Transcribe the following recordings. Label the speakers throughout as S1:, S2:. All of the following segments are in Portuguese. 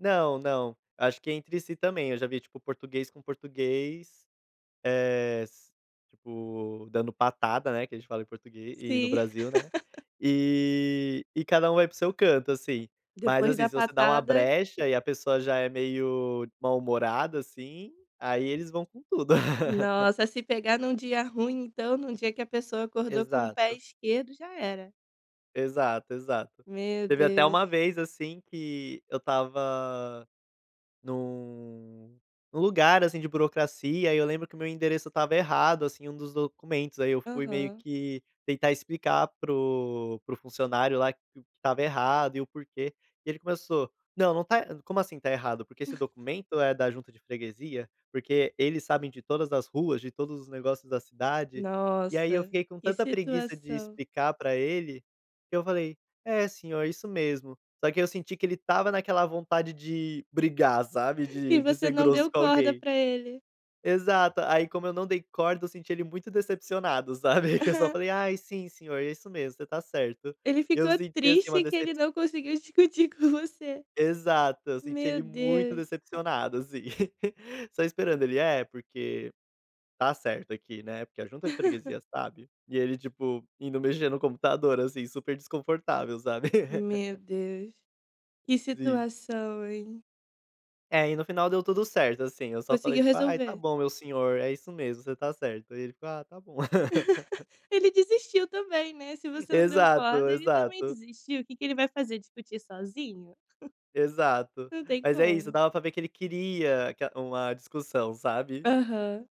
S1: Não, não. Acho que é entre si também. Eu já vi, tipo, português com português, eh, s tipo, dando patada, né, que a gente fala em português e no
S2: Sim.
S1: Brasil, né. E e cada um vai para o seu canto, assim. Mas,
S2: Depois
S1: assim,
S2: da
S1: se você dá uma
S2: patada
S1: brecha e a pessoa já é meio mal humorada assim, aí eles vão com tudo.
S2: Nossa, se pegar num dia ruim então, num dia que a pessoa acordou com o pé
S1: Exato.
S2: esquerdo, já era.
S1: Exato, exato.
S2: Meu
S1: Teve até uma
S2: Deus.
S1: vez, assim, que eu estava num num lugar, assim, de burocracia, e eu lembro que o meu endereço estava errado, assim, em um dos documentos. Aí, eu fui meio
S2: Aham.
S1: que tentar explicar pro pro funcionário lá que estava errado e o porquê. E ele começou: "Não, não está como assim está errado? Porque esse documento é da junta de freguesia". Porque eles sabem de todas as ruas, de todos os negócios da cidade, e aí eu
S2: Nossa,
S1: fiquei com
S2: que
S1: tanta preguiça de
S2: situação.
S1: explicar pra ele, que eu falei: "É, senhor, isso mesmo". Só que aí eu senti que ele estava naquela vontade de brigar, sabe,
S2: E
S1: de de
S2: você
S1: ser
S2: não
S1: grosso
S2: deu
S1: com
S2: corda
S1: alguém.
S2: pra ele.
S1: Exato. Aí, como eu não dei corda, eu senti ele muito decepcionado, sabe. Eu só falei: "Ai, sim, senhor, isso mesmo, você está certo".
S2: Ele
S1: E eu
S2: ficou
S1: senti, assim, uma
S2: triste que
S1: decep
S2: ele não conseguiu discutir com você.
S1: Exato, eu senti
S2: Meu
S1: ele muito
S2: Deus.
S1: decepcionado, assim. Só esperando. Ele: "É, porque está certo aqui, né, porque a junta de freguesia sabe". E ele, tipo, indo mexer no computador, assim, super desconfortável, sabe.
S2: Meu Deus, que
S1: Sim.
S2: situação, hein.
S1: É, e no final deu tudo certo, assim. Eu só falei,
S2: Conseguiu
S1: tipo: "Ai, está
S2: resolver.
S1: bom, meu senhor, é isso mesmo, você está certo". Aí, ele falou: "Ah, está bom".
S2: Ele desistiu também, né, se você não deu
S1: Exato,
S2: corda ele também
S1: exato.
S2: desistiu. O que que ele vai fazer, discutir sozinho?
S1: Exato.
S2: Não tem
S1: Mas é isso,
S2: como.
S1: dava pra ver que ele queria ca uma discussão, sabe?
S2: Aham.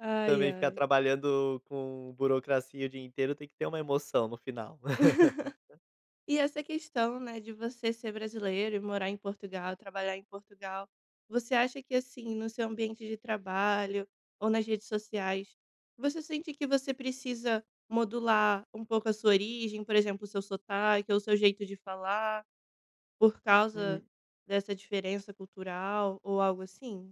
S2: Ai,
S1: Também ficar
S2: ai.
S1: trabalhando com burocracia o dia inteiro tem que ter uma emoção no final.
S2: E essa questão, né, de você ser brasileiro e morar em Portugal, trabalhar em Portugal, você acha que assim, no seu ambiente de trabalho ou nas redes sociais, você sente que você precisa modular um pouco a sua origem? Por exemplo, o seu sotaque ou o seu jeito de falar, por causa
S1: Hum.
S2: dessa diferença cultural ou algo assim?